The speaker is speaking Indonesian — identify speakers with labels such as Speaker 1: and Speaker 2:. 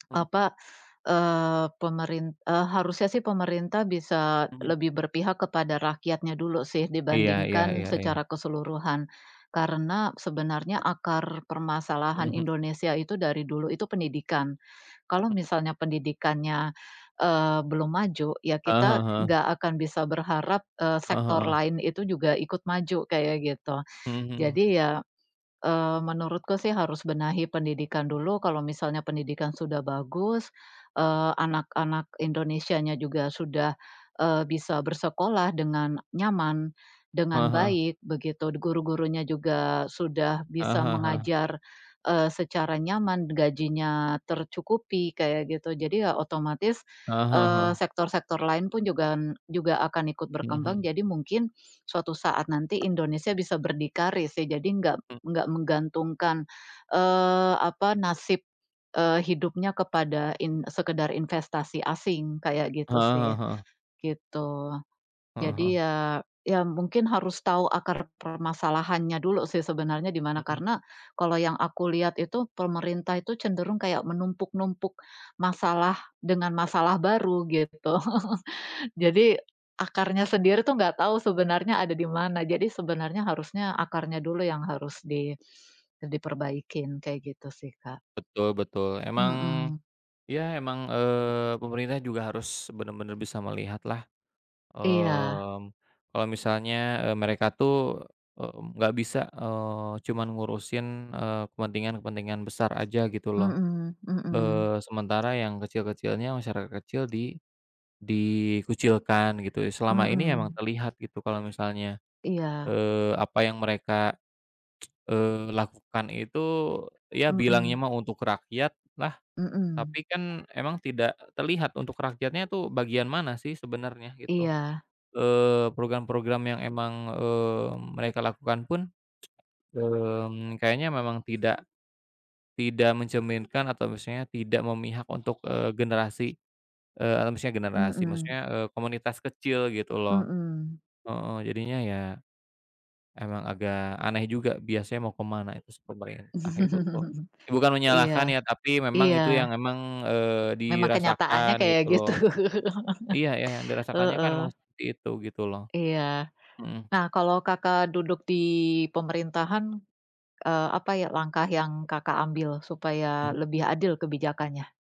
Speaker 1: Mhm.
Speaker 2: Apa, eee, pemerin e harusnya sih pemerintah bisa,
Speaker 1: Mhm.
Speaker 2: lebih berpihak kepada rakyatnya dulu sih,
Speaker 1: Iya iya
Speaker 2: dibandingkan
Speaker 1: iya iya.
Speaker 2: secara keseluruhan. Karena, sebenarnya akar permasalahan
Speaker 1: Mhm.
Speaker 2: Indonesia itu, dari dulu itu pendidikan. Kalau
Speaker 1: Hmm.
Speaker 2: misalnya pendidikannya, eee, belum maju, ya
Speaker 1: Heeh
Speaker 2: kita
Speaker 1: heeh heeh.
Speaker 2: nggak akan bisa berharap, eee,
Speaker 1: Heeh
Speaker 2: sektor
Speaker 1: heeh.
Speaker 2: lain itu juga ikut maju, kayak gitu.
Speaker 1: Mhm mhm.
Speaker 2: Jadi ya, eee, menurutku sih harus benahi pendidikan dulu, kalau misalnya pendidikan sudah bagus, eee, anak-anak Indonesianya juga sudah, eee, bisa bersekolah dengan nyaman,
Speaker 1: Heeh
Speaker 2: dengan
Speaker 1: heeh.
Speaker 2: baik, begitu, guru-gurunya juga sudah
Speaker 1: Heeh
Speaker 2: bisa
Speaker 1: heeh heeh.
Speaker 2: mengajar, eee, secara nyaman, gajinya tercukupi, kayak gitu. Jadi ya, otomatis,
Speaker 1: Heeh heeh
Speaker 2: eee,
Speaker 1: heeh.
Speaker 2: sektor-sektor lain pun juga juga akan ikut
Speaker 1: Mhm
Speaker 2: berkembang,
Speaker 1: mhm.
Speaker 2: jadi mungkin suatu saat nanti Indonesia bisa berdikari sih, jadi nggak
Speaker 1: Hmm.
Speaker 2: nggak menggantungkan, eee, apa, nasib, eee, hidupnya kepada in sekedar investasi asing, kayak gitu
Speaker 1: Heeh
Speaker 2: sih,
Speaker 1: heeh heeh.
Speaker 2: gitu.
Speaker 1: Heeh heeh.
Speaker 2: Jadi ya ya mungkin harus tahu akar permasalahannya dulu sih, sebenarnya di mana.
Speaker 1: Mhm.
Speaker 2: Karena, kalau yang aku lihat itu, pemerintah itu cenderung kayak menumpuk-numpuk masalah, dengan masalah baru, gitu. Jadi, akarnya sendiri tuh, nggak tahu sebenarnya ada di mana, jadi sebenarnya harusnya akarnya dulu yang harus di diperbaikin, kayak gitu, sih, Kak.
Speaker 1: Betul betul. Emang,
Speaker 2: Mhm.
Speaker 1: ya, emang, eee, pemerintah juga harus benar-benar bisa melihatlah,
Speaker 2: Iya.
Speaker 1: eee, kalau misalnya, eee, mereka tuh e nggak bisa, eee, cuma ngurusin, eee, kepentingan-kepentingan besar aja, gitu loh.
Speaker 2: Mhm mhm.
Speaker 1: Eee, sementara yang kecil-kecilnya, masyarakat kecil di dikucilkan, gitu ya, selama ini emang
Speaker 2: Mhm.
Speaker 1: terlihat, gitu, kalau misalnya,
Speaker 2: Iya.
Speaker 1: eee, apa yang mereka, eee, lakukan itu, ya bilangnya
Speaker 2: Mhm.
Speaker 1: mah, untuk rakyat lah.
Speaker 2: Mhm.
Speaker 1: Tapi kan, emang tidak terlihat untuk rakyatnya tuh, bagian mana sih sebenarnya, gitu.
Speaker 2: Iya.
Speaker 1: Eee, program-program yang emang, eee, mereka lakukan pun, eee, kayaknya memang tidak tidak mencerminkan, atau maksudnya tidak memihak untuk, eee, generasi e maksudnya generasi
Speaker 2: Mhm.
Speaker 1: maksudnya, eee, komunitas kecil, gitu loh.
Speaker 2: Mhm.
Speaker 1: Heeh, jadinya ya, emang agak aneh juga biasanya mau kemana, itu sih pemerintah, itu tuh. Eh, bukan menyalahkan
Speaker 2: Iya
Speaker 1: ya, tapi memang itu yang
Speaker 2: iya.
Speaker 1: memang, eee,
Speaker 2: Memang kenyataannya
Speaker 1: dirasakan,
Speaker 2: kayak
Speaker 1: gitu
Speaker 2: gitu.
Speaker 1: loh. Iya iya, yang dirasakannya kan
Speaker 2: Heeh.
Speaker 1: memang seperti itu, gitu loh.
Speaker 2: Iya.
Speaker 1: Mhm.
Speaker 2: Nah, kalau Kakak duduk di pemerintahan, eee, apa ya langkah yang Kakak ambil, supaya
Speaker 1: Mmm.
Speaker 2: lebih adil kebijakannya?